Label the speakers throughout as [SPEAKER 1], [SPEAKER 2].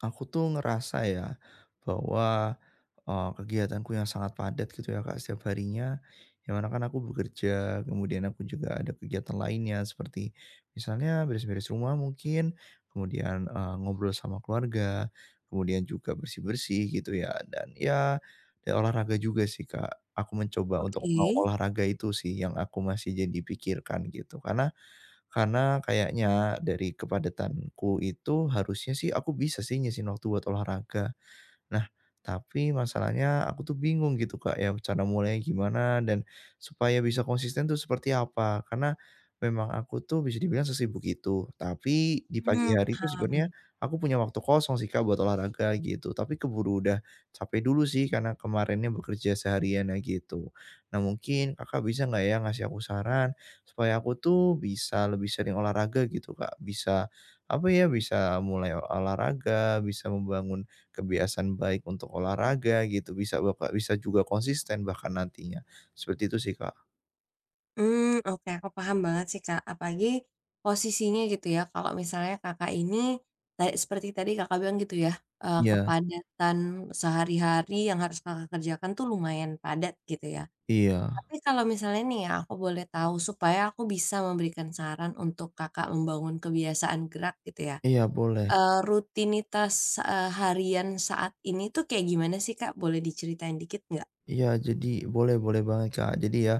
[SPEAKER 1] Aku, tuh, ngerasa, ya, bahwa, eee, kegiatanku yang sangat padat, gitu, ya, Kak, setiap harinya, yang mana, kan, aku bekerja, kemudian aku juga ada kegiatan lainnya, seperti misalnya beres-beres rumah mungkin, kemudian, eee, ngobrol sama keluarga, kemudian juga bersih-bersih, gitu, ya, dan, ya ya, olahraga juga, sih, Kak. Aku mencoba untuk mau
[SPEAKER 2] Oke.
[SPEAKER 1] olahraga itu, sih, yang aku masih jadi pikirkan, gitu. Karena karena, kayaknya dari kepadatanku itu harusnya, sih, aku bisa, sih, nyisihin waktu buat olahraga. Nah, tapi, masalahnya aku, tuh, bingung, gitu, Kak, ya, rencana mulainya gimana dan supaya bisa konsisten, tuh, seperti apa? Karena, memang aku, tuh, bisa dibilang sesibuk itu. Tapi, di pagi
[SPEAKER 2] Hmm,
[SPEAKER 1] hari itu sebenarnya
[SPEAKER 2] paham.
[SPEAKER 1] aku punya waktu kosong, sih, Kak, buat olahraga, gitu. Tapi, keburu udah capek dulu, sih, karena kemarinnya bekerja seharian, nah, gitu. Nah, mungkin Kakak bisa enggak, ya, ngasih aku saran supaya aku, tuh, bisa lebih sering olahraga, gitu, Kak. Bisa, apa, ya, bisa mulai olahraga, bisa membangun kebiasaan baik untuk olahraga, gitu, bisa bapa bisa juga konsisten bahkan, nantinya. Seperti itu, sih, Kak.
[SPEAKER 2] Mmm, oke, aku paham banget sih Kak. Apalagi, posisinya gitu ya, kalau misalnya Kakak, ini, kayak seperti tadi Kakak, bilang gitu ya eee,
[SPEAKER 1] Iya.
[SPEAKER 2] kepadatan sehari-hari yang harus Kakak, kerjakan tuh lumayan padat, gitu ya.
[SPEAKER 1] Iya.
[SPEAKER 2] Tapi, kalau misalnya nih iya, aku boleh tahu. Supaya aku bisa memberikan saran untuk Kakak, membangun kebiasaan gerak gitu ya.
[SPEAKER 1] Iya, boleh.
[SPEAKER 2] Eee, rutinitas eee, harian saat ini tuh kayak gimana sih Kak, boleh diceritain dikit enggak?
[SPEAKER 1] Iya, jadi, boleh boleh banget Kak. Jadi, ya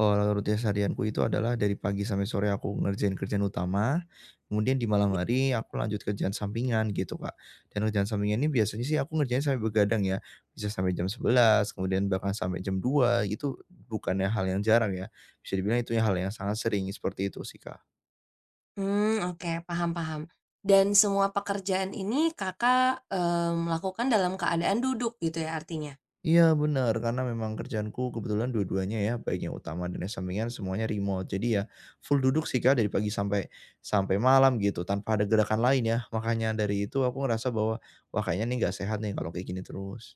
[SPEAKER 1] eee, rutinitas harianku itu adalah dari pagi sampai sore aku ngerjain kerjaan utama, kemudian di malam hari, aku lanjut kerjaan sampingan, gitu Kak. Dan, kerjaan sampingan ini biasanya sih, aku ngerjain sampai begadang ya. Bisa sampai jam 11 kemudian bahkan sampai jam 2, gitu. Bukannya hal yang jarang ya. Bisa dibilang itu hal yang sangat sering, iya seperti itu sih Kak.
[SPEAKER 2] Mmm, oke, paham paham. Dan, semua pekerjaan ini Kakak, eee, melakukan dalam keadaan duduk gitu iya, artinya?
[SPEAKER 1] Iya, benar. Karena, memang kerjaanku kebetulan dua-duanya ya, baik yang utama dan yang sampingan, semuanya remote. Jadi iya, full duduk sih Kak, dari pagi sampai sampai malam gitu, tanpa ada gerakan lain ya. Makanya dari itu, aku ngerasa bahwa, wah, kayaknya nih, enggak sehat nih kalau kayak gini terus.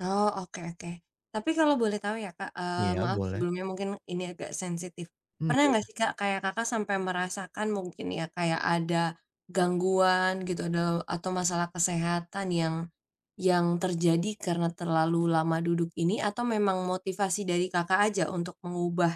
[SPEAKER 2] Oh, oke oke. Tapi kalau boleh tahu iya Kak, eee,
[SPEAKER 1] Iya,
[SPEAKER 2] maaf
[SPEAKER 1] boleh.
[SPEAKER 2] sebelumnya mungkin ini agak sensitif.
[SPEAKER 1] Mmm,
[SPEAKER 2] Pernah enggak
[SPEAKER 1] iya.
[SPEAKER 2] sih Kak, kayak Kakak sampai merasakan mungkin ya, kayak ada gangguan gitu dau atau masalah kesehatan yang yang terjadi karena terlalu lama duduk ini atau memang motivasi dari Kakak saja untuk mengubah,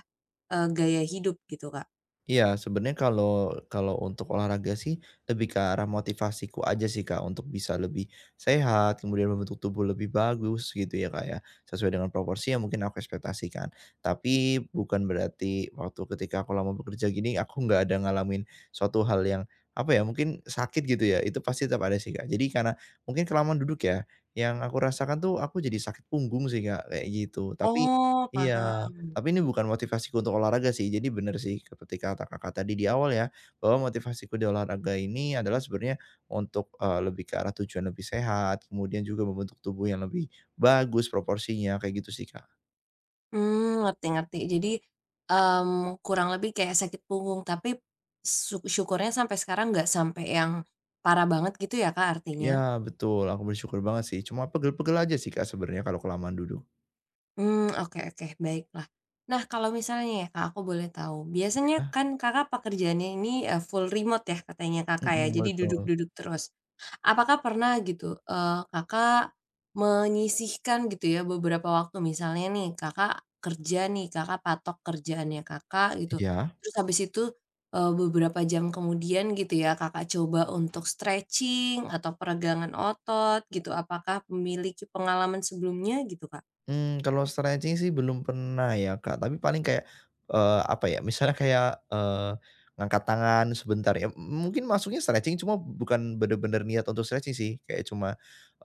[SPEAKER 2] eee, gaya hidup gitu, Kak?
[SPEAKER 1] Iya, sebenarnya kalau kalau untuk olahraga sih, lebih ke arah motivasiku saja sih Kak untuk bisa lebih sehat, kemudian membentuk tubuh lebih bagus, gitu ya Kak ya, sesuai dengan proporsi yang mungkin aku ekspektasikan. Tapi bukan berarti, waktu ketika aku lama bekerja begini, aku enggak ada ngalamin suatu hal yang, apa ya, mungkin sakit gitu ya, itu pasti tetap ada sih Kak. Jadi karena, mungkin kelamaan duduk ya, yang aku rasakan tuh aku jadi sakit punggung sih Kak, kayak gitu. Tapi
[SPEAKER 2] Oh,
[SPEAKER 1] iya,
[SPEAKER 2] paham.
[SPEAKER 1] tapi ini bukan motivasiku untuk olahraga sih, jadi benar sih ke ketika kata Kakak tadi di awal ya, bahwa motivasiku di olahraga ini, adalah sebenarnya untuk, eee, lebih ke arah tujuan lebih sehat, kemudian juga membentuk tubuh yang lebih bagus proporsinya, kayak gitu sih Kak.
[SPEAKER 2] Mmm ngerti, ngerti. Jadi mmm, kurang lebih kayak sakit punggung, tapi syu syukurnya sampai sekarang, enggak sampai yang parah banget gitu ya, Kak, artinya?
[SPEAKER 1] Iya, betul. Aku bersyukur banget sih, cuma pegel-pegel aja sih, Kak sebenarnya, kalau kelamaan duduk.
[SPEAKER 2] Mmm, oke oke baiklah. Nah, kalau misalnya ya, Kak, aku boleh tahu. Biasanya
[SPEAKER 1] Iya.
[SPEAKER 2] kan Kakak pekerjaannya ini e full remote ya, katanya Kakak ya,
[SPEAKER 1] Mhm,
[SPEAKER 2] jadi
[SPEAKER 1] betul.
[SPEAKER 2] duduk-duduk terus. Apakah pernah gitu eee, Kakak menyisihkan gitu ya, beberapa waktu misalnya nih, Kakak kerja nih, Kakak patok kerjaannya Kakak, gitu.
[SPEAKER 1] Iya.
[SPEAKER 2] Terus habis itu e beberapa jam kemudian gitu ya, Kakak coba untuk stretching atau peregangan otot gitu. Apakah memiliki pengalaman sebelumnya gitu, Kak?
[SPEAKER 1] Mmm, kalau stretching sih belum pernah ya, Kak. Tapi paling kayak eee, apa ya? Misalnya kayak eee, ngangkat tangan sebentar ya. M mungkin maksudnya stretching, cuma bukan benar-benar niat untuk stretching sih. Kayak cuma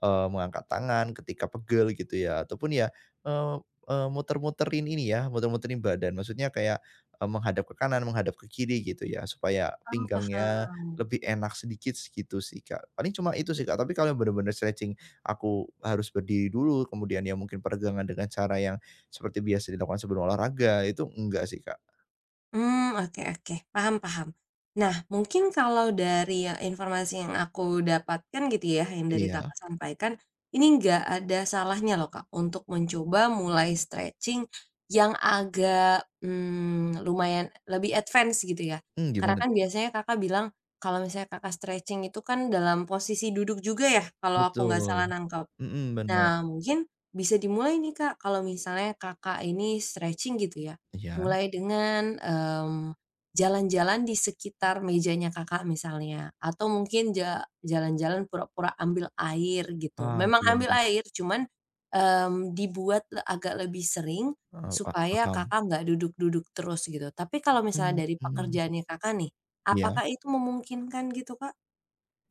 [SPEAKER 1] eee, mengangkat tangan ketika pegel gitu ya ataupun ya eee, eee muter-muterin ini ya, muter-muterin badan. Maksudnya kayak e menghadap ke kanan, menghadap ke kiri gitu ya, supaya
[SPEAKER 2] Oh,
[SPEAKER 1] pinggangnya
[SPEAKER 2] paham.
[SPEAKER 1] lebih enak sedikit sih, gitu sih, Kak. Paling cuma itu sih, Kak. Tapi kalau yang benar-benar stretching, aku harus berdiri dulu, kemudian iya mungkin peregangan dengan cara yang seperti biasa dilakukan sebelum olahraga, itu enggak sih, Kak.
[SPEAKER 2] Mmm, oke oke, paham paham. Nah, mungkin kalau dari yang informasi yang aku dapatkan gitu ya, yang dari Kakak
[SPEAKER 1] Iya.
[SPEAKER 2] sampaikan. Ini enggak ada salahnya loh Kak, untuk mencoba mulai stretching yang agak, mmm, lumayan lebih advance gitu ya.
[SPEAKER 1] Mmm,
[SPEAKER 2] Karena
[SPEAKER 1] gimana
[SPEAKER 2] kan
[SPEAKER 1] tuh, Kak?
[SPEAKER 2] biasanya Kakak bilang, kalau misalnya Kakak stretching itu kan dalam posisi duduk juga ya, kalau aku nggak salah
[SPEAKER 1] Betul.
[SPEAKER 2] nangkep.
[SPEAKER 1] Mhm, benar.
[SPEAKER 2] Nah, mungkin bisa dimulai nih Kak, kalau misalnya Kakak ini stretching gitu ya,
[SPEAKER 1] Iya.
[SPEAKER 2] mulai dengan, mmm, jalan-jalan di sekitar mejanya Kakak misalnya. Atau mungkin ja jalan-jalan pura-pura ambil air, gitu.
[SPEAKER 1] Oh,
[SPEAKER 2] Memang
[SPEAKER 1] iya
[SPEAKER 2] ambil
[SPEAKER 1] iya.
[SPEAKER 2] air cuman, mmm, dibuatlah agak lebih seringm
[SPEAKER 1] Eee, pa
[SPEAKER 2] supaya
[SPEAKER 1] paham.
[SPEAKER 2] Kakak enggak duduk-duduk terus gitu. Tapi kalau misalnya dari
[SPEAKER 1] Mhm.
[SPEAKER 2] pekerjaannya Kakak nih,
[SPEAKER 1] Iya?
[SPEAKER 2] apakah itu memungkinkan gitu, Kak?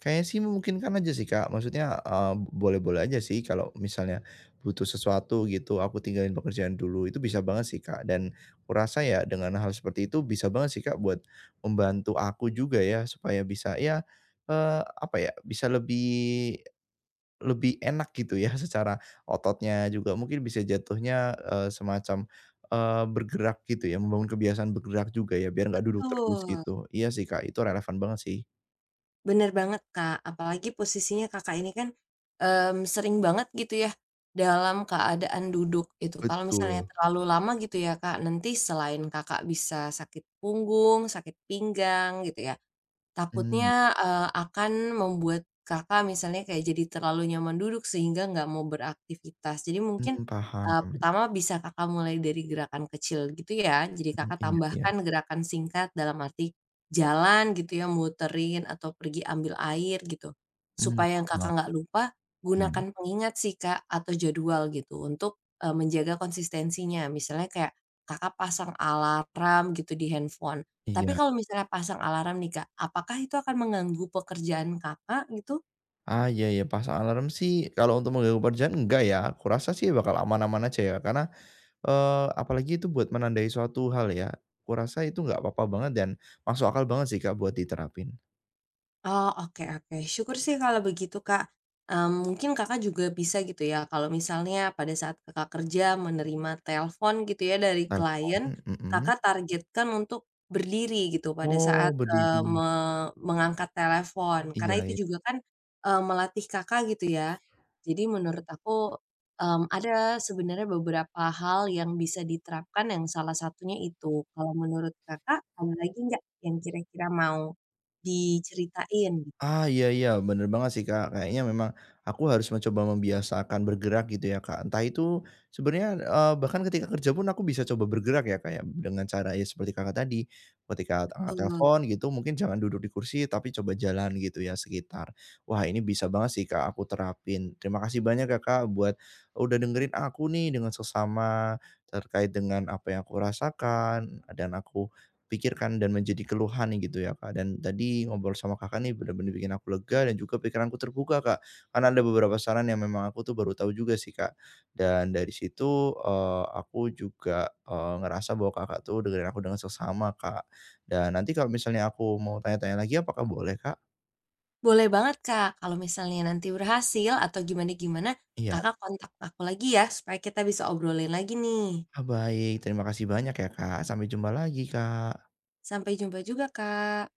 [SPEAKER 1] Kayaknya sih, memungkinkan aja sih, Kak. Maksudnya, mmm, boleh-boleh saja sih kalau misalnya butuh sesuatu gitu, aku tinggalin pekerjaan dulu, itu bisa banget sih Kak, dan kurasa ya, dengan hal seperti itu bisa banget sih Kak buat membantu aku juga ya supaya bisa, ya, eee, apa ya, bisa lebih lebih enak gitu ya, secara ototnya juga mungkin bisa jatuhnya, eee, semacam, eee, bergerak gitu ya, membangun kebiasaan bergerak juga ya, biar enggak duduk terus
[SPEAKER 2] Betul.
[SPEAKER 1] gitu. Iya sih Kak, itu relevan banget sih.
[SPEAKER 2] Bener banget, Kak. Apalagi posisinya Kakak ini kan, mmm, sering banget gitu ya, dalam keadaan duduk, gitu. Kalau misalnya
[SPEAKER 1] Betul.
[SPEAKER 2] terlalu lama gitu ya, Kak, nanti selain Kakak, bisa sakit punggung, sakit pinggang, gitu ya,
[SPEAKER 1] Mmm.
[SPEAKER 2] takutnya, eee, akan membuat Kakak misalnya kayak jadi terlalu nyaman duduk, sehingga enggak mau beraktivitas. Jadi mungkin,
[SPEAKER 1] Mmm, paham,
[SPEAKER 2] eee,
[SPEAKER 1] mmm.
[SPEAKER 2] pertama bisa Kakak mulai dari gerakan kecil, gitu ya, jadi
[SPEAKER 1] Mmm,
[SPEAKER 2] Kakak
[SPEAKER 1] iya iya.
[SPEAKER 2] tambahkan gerakan singkat dalam arti jalan, gitu ya, muterin atau pergi ambil air, gitu.
[SPEAKER 1] Mmm,
[SPEAKER 2] Supaya
[SPEAKER 1] paham
[SPEAKER 2] Kakak
[SPEAKER 1] banget.
[SPEAKER 2] enggak lupa,
[SPEAKER 1] Iya?
[SPEAKER 2] gunakan pengingat sih, Kak, atau jadwal gitu untuk, e menjaga konsistensinya, misalnya kayak Kakak pasang alarm gitu, di handphone. Tapi
[SPEAKER 1] Iya.
[SPEAKER 2] kalau misalnya pasang alarm nih, Kak, apakah itu akan mengganggu pekerjaan Kakak, gitu?
[SPEAKER 1] Ah, iya iya, pasang alarm sih, kalau untuk mengganggu pekerjaan, enggak ya. Aku rasa sih bakal aman-aman aja ya, karena, eee, apalagi itu buat menandai suatu hal ya. Kurasa itu gak apa-apa banget dan masuk akal banget sih, Kak, buat diterapin.
[SPEAKER 2] Oh, oke oke, syukur sih kalau begitu, Kak. Mmm, mungkin Kakak juga bisa gitu ya, kalau misalnya pada saat Kakak kerja menerima telepon, gitu ya, dari
[SPEAKER 1] Menarik kan,
[SPEAKER 2] klien,
[SPEAKER 1] mmm, mhm.
[SPEAKER 2] Kakak targetkan untuk berdiri gitu, pada
[SPEAKER 1] Oh,
[SPEAKER 2] saat, eee,
[SPEAKER 1] berdiri.
[SPEAKER 2] me mengangkat telepon. Karena
[SPEAKER 1] Iya
[SPEAKER 2] itu
[SPEAKER 1] ya.
[SPEAKER 2] juga kan, e melatih Kakak, gitu ya. Jadi menurut aku, mmm, ada sebenarnya beberapa hal yang bisa diterapkan yang salah satunya itu. Kalau menurut Kakak, ada lagi enggak yang kira-kira mau diceritain?
[SPEAKER 1] Ah, iya iya, bener banget sih, Kak. Kayaknya memang aku harus mencoba membiasakan bergerak, gitu ya, Kak. Entah itu sebenarnya, eee, bahkan ketika kerja pun, aku bisa coba bergerak ya Kak ya, dengan cara ya seperti Kakak, tadi. Ketika a angkat
[SPEAKER 2] Betul.
[SPEAKER 1] telepon gitu, mungkin jangan duduk di kursi, tapi coba jalan gitu ya, sekitar. Wah, ini bisa banget sih, Kak, aku terapin. Terima kasih banyak ya, Kak, buat sudah dengerin aku nih dengan seksama, terkait dengan apa yang aku rasakan dan aku pikirkan dan menjadi keluhan gitu ya, Kak, dan tadi ngobrol sama Kakak nih bener-bener bikin aku lega dan juga pikiranku terbuka, Kak. Karena ada beberapa saran yang memang aku tuh baru tahu juga sih Kak, dan dari situ, eee, aku juga, eee, ngerasa bahwa Kakak tuh dengerin aku dengan seksama Kak, dan nanti kalau misalnya aku mau tanya-tanya lagi, apakah boleh, Kak?
[SPEAKER 2] Boleh banget, Kak. Kalau misalnya nanti berhasil atau gimana-gimana,
[SPEAKER 1] Iya.
[SPEAKER 2] Kakak kontak aku lagi ya, supaya kita bisa obrolin lagi, nih.
[SPEAKER 1] Ah, baik. Terima kasih banyak ya, Kak. Sampai jumpa lagi, Kak.
[SPEAKER 2] Sampai jumpa juga, Kak.